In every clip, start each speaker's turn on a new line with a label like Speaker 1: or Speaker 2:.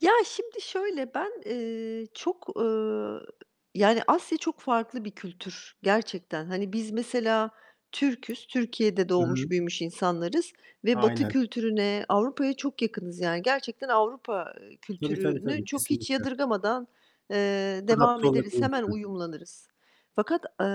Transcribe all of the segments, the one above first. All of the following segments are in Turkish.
Speaker 1: Ya, şimdi şöyle, ben, eee, çok, eee, yani, Asya çok farklı bir kültür gerçekten. Hani, biz mesela, Türk'üz. Türkiye'de
Speaker 2: Hı hı.
Speaker 1: doğmuş büyümüş insanlarız ve Batı
Speaker 2: Aynen.
Speaker 1: kültürüne, Avrupa'ya çok yakınız. Yani, gerçekten Avrupa
Speaker 2: Tabii, tabii,
Speaker 1: kültürünü
Speaker 2: tabii,
Speaker 1: çok hiç
Speaker 2: kesinlikle.
Speaker 1: yadırgamadan, eee, devam
Speaker 2: Adapte
Speaker 1: ederiz, hemen
Speaker 2: olabiliyorsun.
Speaker 1: uyumlanırız. Fakat, eee,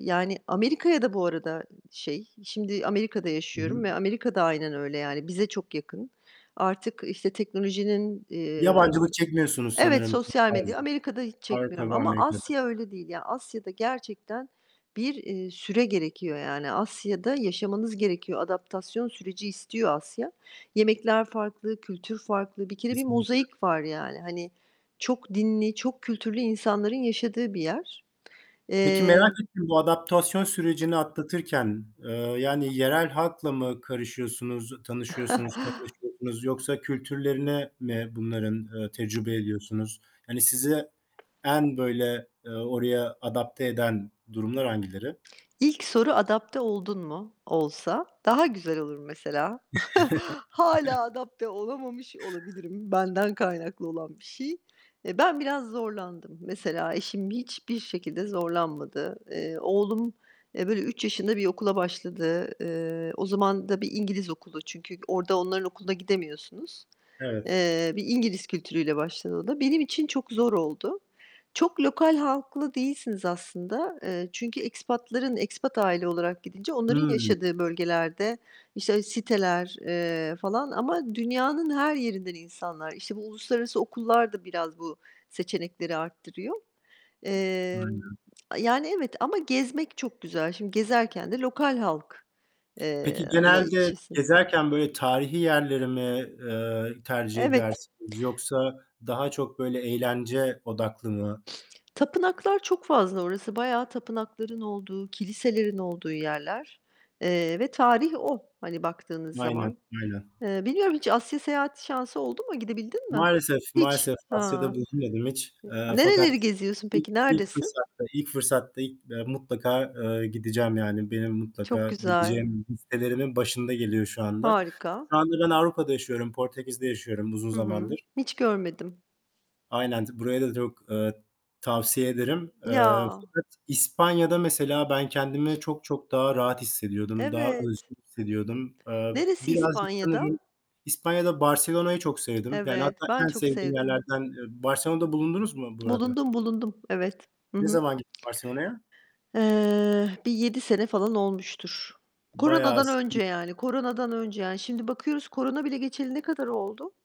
Speaker 1: yani, Amerika'ya da bu arada, şey, şimdi Amerika'da
Speaker 2: Hı hı.
Speaker 1: yaşıyorum ve Amerika da aynen öyle. Yani, bize çok yakın. Artık, işte, teknolojinin, eee
Speaker 2: Yabancılık çekmiyorsunuz
Speaker 1: Evet,
Speaker 2: sanırım çok
Speaker 1: sosyal medya
Speaker 2: fazla,
Speaker 1: Amerika'da hiç çekmiyorum
Speaker 2: Avrupa'da,
Speaker 1: ama
Speaker 2: Amerika'da.
Speaker 1: Asya öyle değil. Ya, Asya'da gerçekten bir, eee, süre gerekiyor. Yani, Asya'da yaşamanız gerekiyor. Adaptasyon süreci istiyor Asya. Yemekler farklı, kültür farklı. Bir kere bir
Speaker 2: Kesinlikle.
Speaker 1: mozaik var, yani. Hani, çok dinli, çok kültürlü insanların yaşadığı bir yer.
Speaker 2: Peki, merak
Speaker 1: Eee
Speaker 2: ettim, bu adaptasyon sürecini atlatırken, eee, yani yerel halkla mı karışıyorsunuz, tanışıyorsunuz, kaynaşıyorsunuz yoksa kültürlerine mi bunların, eee, tecrübe ediyorsunuz? Hani, size en böyle, eee, oraya adapte eden durumlar hangileri?
Speaker 1: İlk soru, "Adapte oldun mu?" olsa, daha güzel olur, mesela. Hâlâ adapte olamamış olabilirim. Benden kaynaklı olan bir şey. Eee, ben biraz zorlandım, mesela. Eşim hiçbir şekilde zorlanmadı. Eee, oğlum, eee, böyle, 3 yaşında bir okula başladı. Eee, o zaman da bir İngiliz okulu. Çünkü orada onların okuluna gidemiyorsunuz.
Speaker 2: Evet.
Speaker 1: Eee, bir İngiliz kültürüyle başladı o da. Benim için çok zor oldu. Çok lokal halklı değilsiniz aslında. Eee, çünkü expat'ların expat aile olarak gidince onların
Speaker 2: Hıı.
Speaker 1: yaşadığı bölgelerde, işte, siteler, eee, falan ama dünyanın her yerinden insanlar. İşte, bu uluslararası okullar da biraz bu seçenekleri artırıyor. Emm,
Speaker 2: Aynen.
Speaker 1: yani, evet ama gezmek çok güzel. Şimdi gezerken de lokal halk, eee
Speaker 2: Peki,
Speaker 1: la, iç
Speaker 2: genelde
Speaker 1: içesiniz.
Speaker 2: gezerken böyle tarihî yerleri mi, eee, tercih
Speaker 1: Evet.
Speaker 2: edersiniz yoksa daha çok böyle eğlence odaklı mı?
Speaker 1: Tapınaklar çok fazla orası bayağı tapınakların olduğu, kiliselerin olduğu yerler, eee, ve tarih o, hani, baktığınız
Speaker 2: Aynen,
Speaker 1: zaman.
Speaker 2: aynen.
Speaker 1: Eee, bilmiyorum hiç Asya seyahatı şansı oldu mu? Gidebildin mi?
Speaker 2: Maalesef,
Speaker 1: Hiç?
Speaker 2: maalesef Asya'da
Speaker 1: Ha.
Speaker 2: bulunmadım hiç. Eee, fakat
Speaker 1: Nereleri geziyorsun
Speaker 2: ilk
Speaker 1: peki?
Speaker 2: ilk
Speaker 1: Neredesin?
Speaker 2: fırsatta ilk fırsatta ilk, eee, mutlaka, eee, gideceğim. Yani, benim
Speaker 1: Çok
Speaker 2: mutlaka
Speaker 1: güzel.
Speaker 2: gideceğim listelerimin başında geliyor şu anda.
Speaker 1: Harika.
Speaker 2: Şu anda ben Avrupa'da yaşıyorum. Portekiz'de yaşıyorum uzun
Speaker 1: Hı hı.
Speaker 2: zamandır.
Speaker 1: Hiç görmedim.
Speaker 2: Aynen, t burayı da çok, eee, tavsiye ederim. Eee,
Speaker 1: Ya!
Speaker 2: fakat İspanya'da, mesela, ben kendimi çok, çok daha rahat hissediyordum, daha
Speaker 1: Evet.
Speaker 2: özgür hissediyordum. Eee,
Speaker 1: Neresi
Speaker 2: birazcık sanırım
Speaker 1: İspanya'da?
Speaker 2: İspanya'da Barcelona'yı çok sevdim. Yani,
Speaker 1: Evet,
Speaker 2: hatta
Speaker 1: ben
Speaker 2: en
Speaker 1: çok
Speaker 2: sevdiğim
Speaker 1: sevdim.
Speaker 2: yerlerden, eee Barcelona'da bulundunuz mu bu arada?
Speaker 1: Bulundum, bulundum. Evet. Hı
Speaker 2: Ne
Speaker 1: hı.
Speaker 2: zaman gittin Barcelona'ya?
Speaker 1: Eee, bir 7 sene falan olmuştur.
Speaker 2: Bayağı
Speaker 1: Koronadan önce, yani.
Speaker 2: [unintelligible]
Speaker 1: Koronadan önce, yani. Şimdi bakıyoruz korona bile geçeli ne kadar oldu?